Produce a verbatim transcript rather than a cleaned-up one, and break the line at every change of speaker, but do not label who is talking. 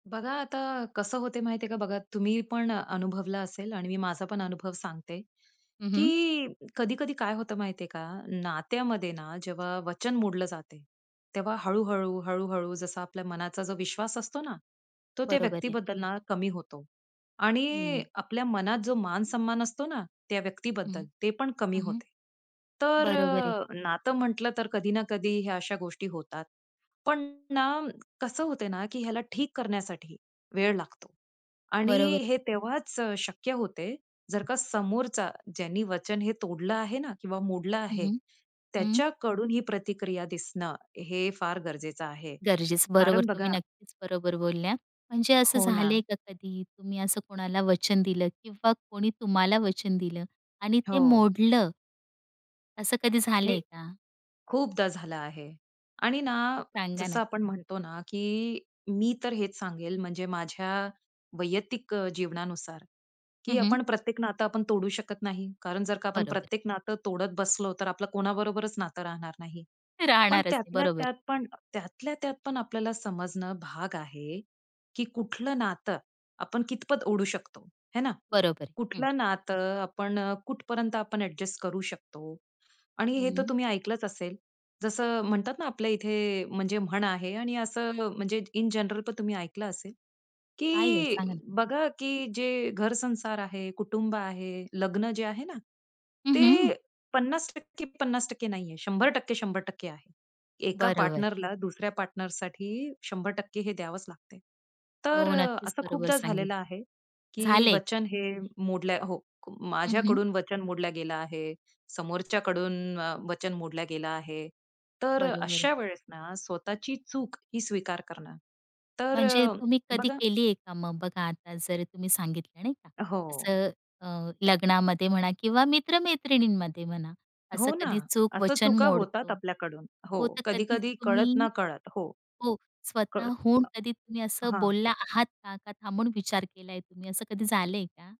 बघा आता कसं होत माहिती आहे का बघा तुम्ही पण अनुभवलं असेल आणि मी माझा पण अनुभव सांगते,
हं, हं.
की कधी-कधी काय होतं माहितीये का नात्यामध्ये ना जेव्हा वचन मोडलं जाते तेव्हा हळू-हळू, हळू-हळू जसा आपल्या मनाचा जो विश्वास असतो ना, तो त्या
बरोबर आहे.
व्यक्तीबद्दल ना, कमी होतो
हं.
आणि आपल्या मनात जो मान सन्मान असतो ना, त्या
हं.
व्यक्तीबद्दल, ते पण कमी
हं, हं.
होते. तर
बरोबर आहे.
अ, नातं म्हटलं तर कधी ना कधी ह्या अशा गोष्टी होतात. पण ना, कसं होते ना, की ह्याला ठीक करण्यासाठी वेळ लागतो आणि
बरोबर आहे.
हे तेव्हाच अ, शक्य होते, जर का समोरचा ज्यानी वचन हे तोडलं आहे ना किंवा मोडलं
हं,
आहे,
हं. हं.
त्याच्याकडून ही प्रतिक्रिया दिसणं हे फार गरजेचं आहे.
गरजेचं. बरोबर
कारण
तुम्ही
बघा
नक्कीच बरोबर बोलल्या. म्हणजे असं
हो
झालंय
ना.
का कधी तुम्ही असं कोणाला वचन दिलं किंवा कोणी तुम्हाला वचन दिलं आणि ते
हो.
मोडलं? असं कधी
हे
झालंय का?
खूपदा झालं आहे. आणि ना,
सांगा
जसं
ना.
आपण म्हणतो ना की मी तर हेच सांगेल म्हणजे माझ्या वैयक्तिक अ, जीवनानुसार की
हं, हं.
आपण प्रत्येक नातं आपण तोडू शकत नाही. कारण जर का आपण
बरोबर.
प्रत्येक नातं तोडत बसलो, तर आपलं कोणाबरोबरच नातं राहणार नाही. पण
राहणारच ते,
त्यातल्या
बरोबर आहे.
त्यात पण त्यातल्या त्यात पण आपल्याला समजणं भाग आहे की कुठलं नातं आपण कितपत ओढू शकतो, हे ना.
बरोबर आहे. हं.
कुठलं नातं आपण अ, कुठपर्यंत आपण ॲड्जस्ट करू शकतो आणि हे तर
हं.
तुम्ही ऐकलंच असेल. जसं म्हणतात ना आपल्या इथे म्हणजे म्हण आहे आणि असं अ, म्हणजे इन जनरल पण तुम्ही ऐकलं असेल,
काय ओ,
की
सांगा ना. हं.
बघा की जे घर-संसार आहे, कुटुंब आहे, लग्न जे आहे ना,
हं, हं.
ते पन्नास टक्के पन्नास टक्के नाहीये. शंभर टक्के शंभर टक्के आहे. एका
बरोबर.
पार्टनरला दुसऱ्या पार्टनरसाठी शंभर टक्के हे द्यावंच लागतंय. तर
हो,
अ,
नक्कीच
असं
बरोबर
खूपदा झालेलं
सांगितलं.
आहे, की
झालंय का?
वचन हे मोडलंय हो.
हं, हं.
माझ्याकडून वचन मोडलं गेलं आहे. समोरच्या कडून अ, वचन मोडलं गेल आहे. तर अ,
बरोबर आहे.
अशा वेळेस ना, स्वतःची चूक ही स्वीकार करणं. तर
म्हणजे
अ,
तुम्ही कधी
बघा
केली आहे का मग बघा, आता जर तुम्ही सांगितलं नाही का,
हो.
असं अ, लग्नामध्ये म्हणा किंवा मित्र-मैत्रिणींमध्ये म्हणा, असं
हो ना.
कधी चूक
असं
वचन
चुका होतात
मोडतो.
आपल्याकडून. हो.
हो, तर कधी
कधी-कधी
तुम्ही
कळत-नकळत. हो.
हो,
[unintelligible] हां.
स्वतःहून कधी तुम्ही असं
हां.
बोलला आहात का? का थांबून विचार केलाय तुम्ही, असं कधी झालंय का?